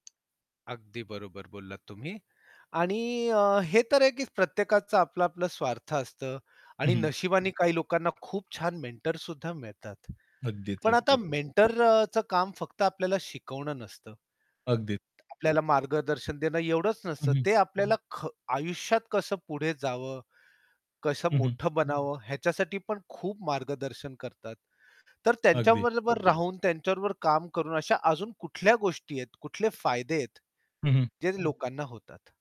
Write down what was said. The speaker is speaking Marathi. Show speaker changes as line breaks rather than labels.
अगदी बरोबर बोललात तुम्ही. आणि अ, हे तर आहे की प्रत्येकाचं आपलं-आपलं स्वार्थ असतं
हं,
आणि
हं.
नशिबाने काही लोकांना खूप छान मेंटर सुद्धा मिळतात.
अगदीच,
पण आता
अगदीच.
मेंटर अ, चं काम फक्त आपल्याला शिकवणं नसतं
अगदी.
तर आपल्याला मार्गदर्शन देणं एवढंच
हं,
नसतं.
हं.
ते आपल्याला ख आयुष्यात कसं पुढे जावं, कसं
हं, हं.
मोठं बनावं ह्याच्यासाठी पण खूप मार्गदर्शन करतात. तर
अगदी.
त्यांच्याबरोबर राहून, त्यांच्याबरोबर काम करून अशा अजून कुठल्या गोष्टी आहेत, कुठले फायदे आहेत,
हं, हं.
जे लोकांना होतात?